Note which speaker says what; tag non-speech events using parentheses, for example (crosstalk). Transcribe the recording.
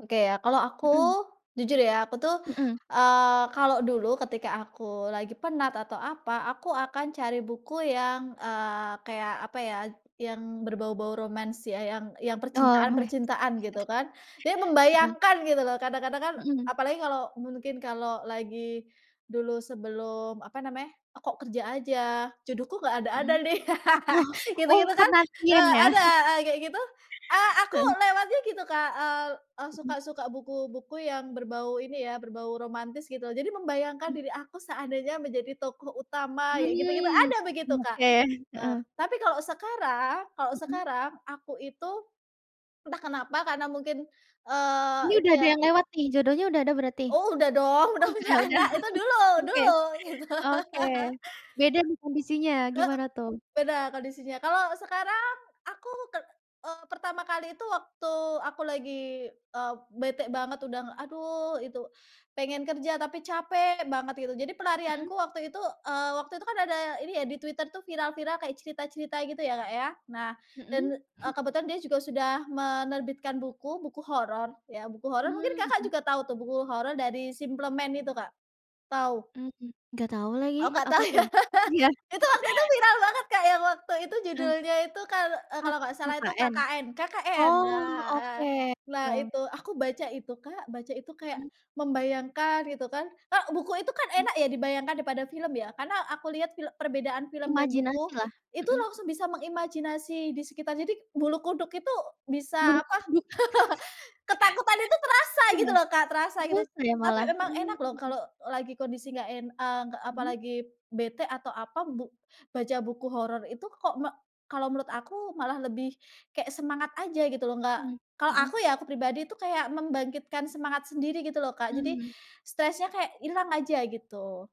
Speaker 1: Oke ya, kalau aku,
Speaker 2: Hmm.
Speaker 1: jujur ya aku tuh,
Speaker 2: Mhm.
Speaker 1: eee, kalau dulu ketika aku lagi penat atau apa, aku akan cari buku yang, eee, kayak apa ya, yang berbau-bau romance ya, yang yang
Speaker 2: Oh, romance?
Speaker 1: percintaan-percintaan, gitu kan. Ya
Speaker 2: Heeh.
Speaker 1: membayangkan gitu loh, kadang-kadang kan
Speaker 2: Mhm.
Speaker 1: apalagi kalau mungkin kalau lagi dulu sebelum, apa namanya, kok kerja aja, jodohku nggak ada-ada
Speaker 2: Hmm.
Speaker 1: nih,
Speaker 2: Oh oh,
Speaker 1: (laughs)
Speaker 2: oh
Speaker 1: gitu-gitu kan,
Speaker 2: penantian
Speaker 1: eee,
Speaker 2: ya?
Speaker 1: ada,
Speaker 2: (chuckles)
Speaker 1: eee, kayak gitu. Eee, aku
Speaker 2: Heeh.
Speaker 1: lewatnya gitu, Kak, eee, eh,
Speaker 2: Hmm.
Speaker 1: suka suka buku buku yang berbau ini ya, berbau romantis, gitu. Jadi membayangkan
Speaker 2: Hmm.
Speaker 1: diri aku seandainya menjadi tokoh utama, kayak gitu-gitu,
Speaker 2: Mmm,
Speaker 1: ada begitu Kak.
Speaker 2: oke.
Speaker 1: Eee
Speaker 2: Heeh.
Speaker 1: tapi kalau sekarang kalau
Speaker 2: Hmm.
Speaker 1: sekarang, aku itu, entah kenapa karena mungkin, eee,
Speaker 2: Ini
Speaker 1: itu
Speaker 2: udah ada
Speaker 1: ya
Speaker 2: yang lewat nih, jodohnya udah ada berarti?
Speaker 1: Oh udah dong,
Speaker 2: Oh
Speaker 1: udah
Speaker 2: udah
Speaker 1: punya
Speaker 2: udah.
Speaker 1: anak. Itu dulu
Speaker 2: Oke.
Speaker 1: dulu, gitu.
Speaker 2: Oke.
Speaker 1: (laughs)
Speaker 2: Beda nih kondisinya,
Speaker 1: Heeh.
Speaker 2: gimana tuh?
Speaker 1: Beda, kondisinya. Kalau sekarang, aku ke eee, pertama kali itu, waktu aku lagi, eee, bete banget udah, aduh itu, pengen kerja tapi capek banget, gitu. Jadi
Speaker 2: Hmm.
Speaker 1: pelarianku waktu itu, eee, waktu itu kan ada ini ya di Twitter tuh viral-viral kayak cerita-cerita gitu ya, Kak, ya. Nah, dan,
Speaker 2: Hmm.
Speaker 1: eee,
Speaker 2: (chuckles)
Speaker 1: kebetulan dia juga sudah menerbitkan buku buku horor ya, buku horor, mungkin,
Speaker 2: Mmm
Speaker 1: Kakak,
Speaker 2: mhm.
Speaker 1: juga tahu tuh buku horor dari SimpleMan itu Kak. Tahu?
Speaker 2: Mhm. Nggak tahu lagi.
Speaker 1: Oh, nggak tahu
Speaker 2: Apa
Speaker 1: ya.
Speaker 2: tuh?
Speaker 1: (laughs)
Speaker 2: Iya?
Speaker 1: Itu waktu itu
Speaker 2: (chuckles)
Speaker 1: viral banget, Kak, yang waktu itu
Speaker 2: Mmm.
Speaker 1: judulnya itu kalau eee,
Speaker 2: Ah,
Speaker 1: kalau nggak salah itu
Speaker 2: KKN?
Speaker 1: KKN KKN
Speaker 2: Oh,
Speaker 1: nah, eee,
Speaker 2: oke.
Speaker 1: nah
Speaker 2: (unintelligible)
Speaker 1: itu, aku baca itu, Kak baca itu kayak
Speaker 2: Hmm.
Speaker 1: membayangkan itu kan, e buku itu kan
Speaker 2: Mmm.
Speaker 1: enak ya dibayangkan daripada film ya. Karena aku lihat fil perbedaan film dan
Speaker 2: Imajinasi
Speaker 1: buku,
Speaker 2: lah,
Speaker 1: itu
Speaker 2: mhm.
Speaker 1: langsung bisa mengimajinasi di sekitar. Jadi, bulu kuduk itu, bisa
Speaker 2: Bulu
Speaker 1: apa,
Speaker 2: kuduk.
Speaker 1: (laughs) ketakutan itu
Speaker 2: (chuckles)
Speaker 1: terasa
Speaker 2: eh,
Speaker 1: gitu loh, Kak, terasa gitu.
Speaker 2: masa ya
Speaker 1: Tapi
Speaker 2: malah
Speaker 1: emang enak loh
Speaker 2: mmm.
Speaker 1: kalau lagi kondisi enggak en eee, nggak
Speaker 2: Mhm.
Speaker 1: apalagi bete atau apa, bu baca buku horor itu kok mek kalau menurut aku, malah lebih kayak semangat aja gitu loh, nggak
Speaker 2: Mmm
Speaker 1: kalau
Speaker 2: mhm.
Speaker 1: aku ya, aku pribadi itu kayak membangkitkan semangat sendiri gitu loh, Kak. Jadi,
Speaker 2: Mmm.
Speaker 1: stresnya kayak ilang aja, gitu.